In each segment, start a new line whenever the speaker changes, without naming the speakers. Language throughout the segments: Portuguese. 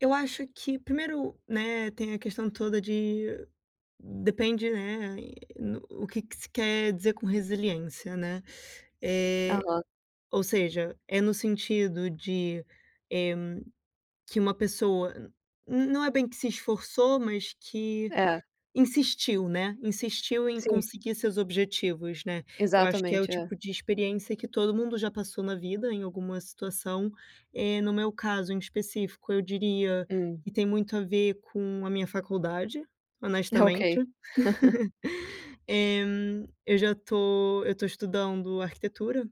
Eu acho que primeiro, né, tem a questão toda de, depende, né, e no o que que se quer dizer com resiliência, né. Eh,
Aham.
ou seja, é no sentido de, eh, que uma pessoa n não é bem que se esforçou, mas que
É.
insistiu, né, insistiu em
Sim.
conseguir seus objetivos, né. Eu acho que é o
Exatamente, é.
tipo de experiência que todo mundo já passou na vida, em alguma situação. Eh, no meu caso, em específico, eu diria
Hum.
que tem muito a ver com a minha faculdade, honestamente.
Ok.
Eh, eu já tô eu tô estudando arquitetura,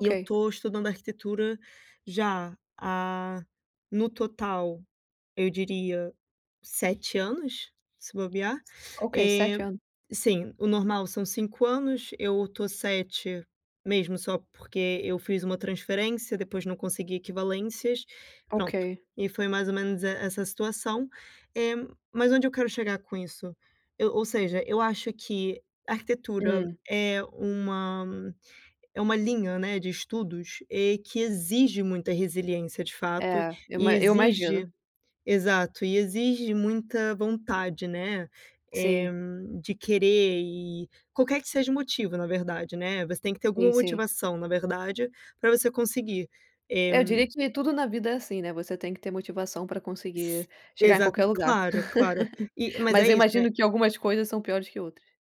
e eu estou estudando arquitetura já há, no total, eu diria 7 anos, se bobear.
Ok, 7
Eh,
ano.
sim, o normal são 5 anos. Eu tô 7 mesmo só porque eu fiz uma transferência, depois não consegui equivalências, pronto,
Ok.
e foi mais ou menos e essa situação. Eh, mas onde eu quero chegar com isso, eu ou seja, eu acho que arquitetura
Hum.
é uma é uma linha, né, de estudos, eh, que exige muita resiliência, de fato,
É, eu
e
ima eu
exige
imagino.
exato, e exige muita vontade, né, eh,
Sim.
de querer e qualquer que seja o motivo, na verdade, né, você tem que ter alguma
Sim, sim.
motivação, na verdade, para você conseguir. Eh
Eu diria que nem tudo na vida é assim, né, você tem que ter motivação para
S
conseguir chegar em
exata
qualquer lugar.
claro, claro, e mas é
Mas eu
isso, né
imagino que algumas coisas são piores que outras.